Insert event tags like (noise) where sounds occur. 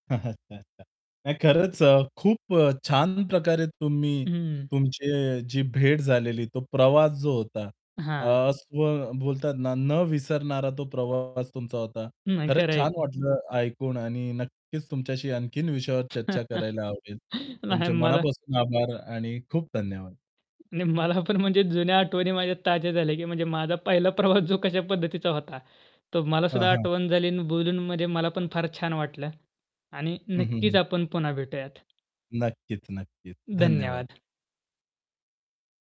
(chuckles) हां. अच्छा, अच्छा. नाही खरंच अ, खूप अ, छान प्रकारे तुम्ही हं. तुमची जी भेट झालेली तो प्रवास जो होता अ, हां. असं बोलतात ना, न विसरणारा तो प्रवास तुमचा होता. नाही. खरंच खरं आहे छान की. वाटलं ऐकून आणि नक्कीच तुमच्याशी आणखीन विषयावर चर्चा (chuckles) करायला आवडेल. नाही तुमचे मला मनापासून आभार आणि खूप धन्यवाद. नाही मला पण म्हणजे जुन्या आठवणी माझ्या ताज्या झाल्या की म्हणजे माझा पहिला प्रवास जो कश्या पद्धतीचा होता? तो मला हं, सुद्धा हं. आठवण झाली आणि बोलून म्हणजे मला पण फार छान वाटलं. आणि हं, हं, नक्कीच हं. आपण पुन्हा भेटूयात. नक्कीच, नक्कीच. धन्यवाद. धन्यवाद.